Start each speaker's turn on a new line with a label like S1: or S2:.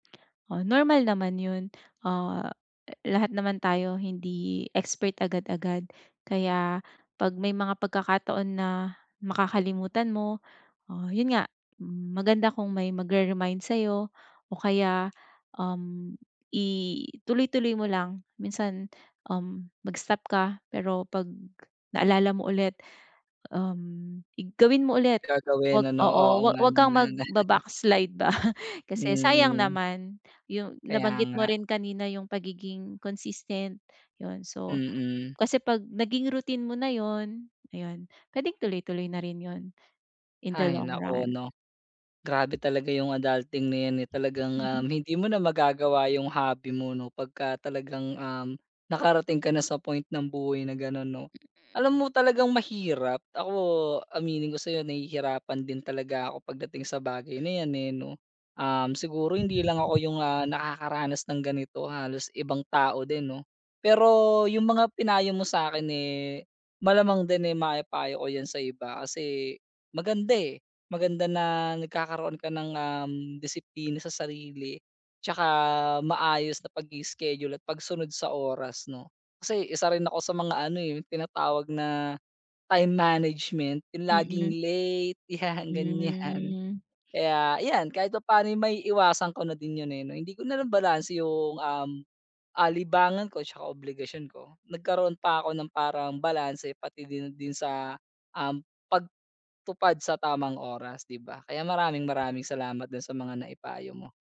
S1: Oh, normal naman yun. Ah, eh, lahat naman tayo hindi expert agad-agad. Kaya pag may mga pagkakataon na makakalimutan mo, ah, yun nga, m maganda kung may magre-remind sayo o kaya, um, ituloy-tuloy mo lang. Minsan, um, mag-stop ka pero pag naalala mo ulit, um, i gawin mo ulit.
S2: Gagawin
S1: Huwag
S2: ano,
S1: oo,
S2: oo,
S1: huwa
S2: nga
S1: huwag kang
S2: naman.
S1: magbaba-backslide ba kasi sayang
S2: Mm.
S1: naman yung
S2: Kaya
S1: nabanggit mo
S2: nga.
S1: rin kanina yung pagiging-consistent, yun. So
S2: Mm.
S1: kasi pag naging routine mo na yun, ayun pwedeng tuloy-tuloy na rin yun, in the
S2: Hay,
S1: long
S2: naku,
S1: run.
S2: no? Grabe talaga yung adulting na yan, eh. Talagang, um, hindi mo na magagawa yung hobby mo, no? Pagka talagang, um, nakarating ka na sa point ng buhay na ganun, no?
S1: Mm.
S2: Alam mo talagang mahirap. Ako aminin ko sayo nahihirapan din talaga ako pagdating sa bagay na yan, eh, no? Um, siguro hindi lang ako yung, ah, nakakaranas ng ganito halos ibang tao din, no? Pero yung mga pinayo mo sa'kin, eh, malamang din, eh, maipayo ko yan sa iba. Kasi, maganda, eh, maganda na nagkakaroon ka ng, um, disiplina sa sarili. Tsaka, maayos na pag-i-schedule at pagsunod sa oras, no? Kasi, isa rin ako sa mga ano, eh 'yong tinatawag na time management, yung laging
S1: Mm.
S2: late, yan, ganyan.
S1: Hmm.
S2: Kaya yan, kahit papaano maiiwasan ko na din yun, eh, no? Hindi ko na lang balanse yung, um, ah, libangan ko tsaka obligasyon ko. Nagkaroon pa ako ng parang balanse pati din, din sa, um, pagtupad sa tamang oras, di ba? Kaya maraming-maraming salamat dun sa mga naipayo mo.